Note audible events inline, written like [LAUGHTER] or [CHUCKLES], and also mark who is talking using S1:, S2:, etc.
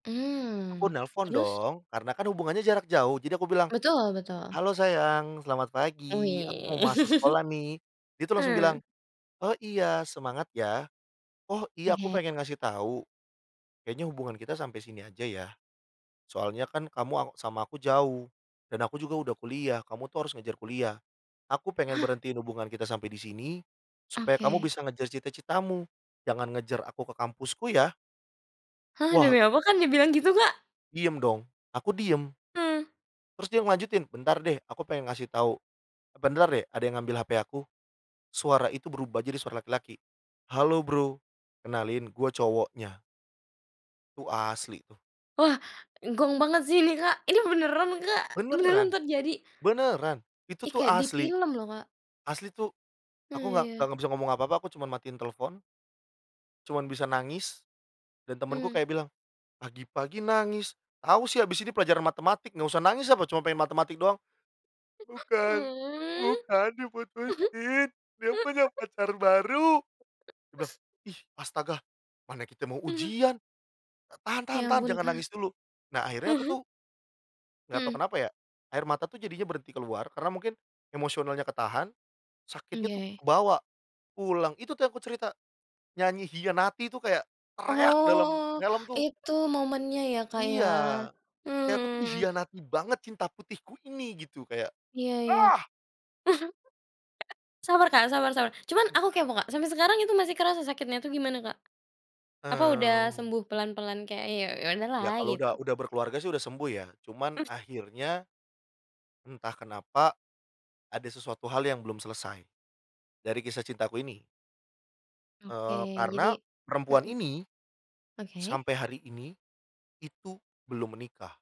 S1: Aku
S2: Mmm.
S1: nelepon,
S2: Terus?
S1: dong. Karena kan hubungannya jarak jauh, jadi aku bilang,
S2: Betul betul.
S1: "Halo sayang, selamat pagi. Aku mau masuk
S2: Wih.
S1: sekolah nih." Dia
S2: [LAUGHS]
S1: tuh langsung bilang,
S2: Hmm.
S1: "Oh, iya, semangat ya. Oh, iya, aku
S2: Oke.
S1: pengen ngasih tahu, kayaknya hubungan kita sampai sini aja, ya? Soalnya kan kamu aw sama aku jauh. Dan aku juga udah kuliah, kamu tuh harus ngejar kuliah. Aku pengen
S2: Hah?!
S1: berhentiin hubungan kita sampai di sini, supaya kamu
S2: Oke.
S1: bisa ngejar cita-citamu. Jangan ngejar aku ke kampusku, ya?"
S2: Hah,
S1: Wah
S2: demi apa, Kak, dibilang gitu, Kak?
S1: Diem dong. Aku diem.
S2: Uh.
S1: Terus dia ngelanjutin, "Bentar deh, aku pengen ngasih tahu. E bentar deh, ada yang ngambil HP aku." Suara itu berubah, jadi suara laki-laki. "Halo, Bro. Kenalin, gue cowoknya." Itu asli tuh.
S2: Wah. Gong banget sih ini, Kak. Ini beneran, Kak? Beneran
S1: Beneran.
S2: terjadi?
S1: Beneran! Itu
S2: Ih
S1: tuh
S2: kayak di
S1: asli.
S2: film loh, Kak.
S1: Asli tuh
S2: Oh,
S1: aku nggak nggak
S2: iya.
S1: nggak bisa ngomong apa-apa, aku cuman matiin telepon cuman bisa nangis. Dan temenku
S2: Mmm.
S1: kayak bilang, "Pagi-pagi nangis. Tahu sih, habis ini pelajaran matematik, nggak usah nangis apa? Cuman pengen matematik doang." "Bukan, bukan, diputusin. Dia punya
S2: [CHUCKLES]
S1: pacar baru." Dia bilang.
S2: [SNIFFS]
S1: "Ih astaga. Mana kita mau
S2: Ah hah.
S1: ujian. Ta tahan tahan
S2: Ya
S1: tahan.
S2: ampun,
S1: Jangan
S2: Kak.
S1: nangis dulu." Nah, akhirnya aku
S2: Aha?
S1: tuh nggak tahu
S2: Mmm.
S1: kenapa ya, air mata tuh jadinya berhenti keluar, karena mungkin, emosionalnya ketahan, sakitnya tuh
S2: Oke.
S1: kebawa, pulang itu tuh yang aku cerita. Nyanyi Khianati itu kayak, teriak dalam
S2: Oh.
S1: helm tuh
S2: Itu momennya ya, Kak, ya?
S1: Iya.
S2: Mmm,
S1: Kayak
S2: mhm
S1: aku tuh
S2: mhm.
S1: dikhianati banget, cinta putihku ini gitu, kayak
S2: Iya iya.
S1: Ah!
S2: [CHUCKLES] Sabar, Kak, sabar sabar. Cuman aku kepo, Kak, sampai sekarang itu masih kerasa sakitnya tuh gimana, Kak? Apa udah
S1: Mmm.
S2: sembuh pelan-pelan kayak, "Ya ya
S1: Ya,
S2: udahlah."
S1: kalau
S2: Gitu?
S1: udah udah berkeluarga sih, udah sembuh, ya. Cuman
S2: [CHUCKLES]
S1: akhirnya, entah kenapa, ada sesuatu hal yang belum selesai. Dari kisah cintaku ini.
S2: Oke,
S1: Eee,
S2: jadi
S1: karena, perempuan
S2: mhm.
S1: ini,
S2: Oke.
S1: sampai hari ini, itu belum menikah.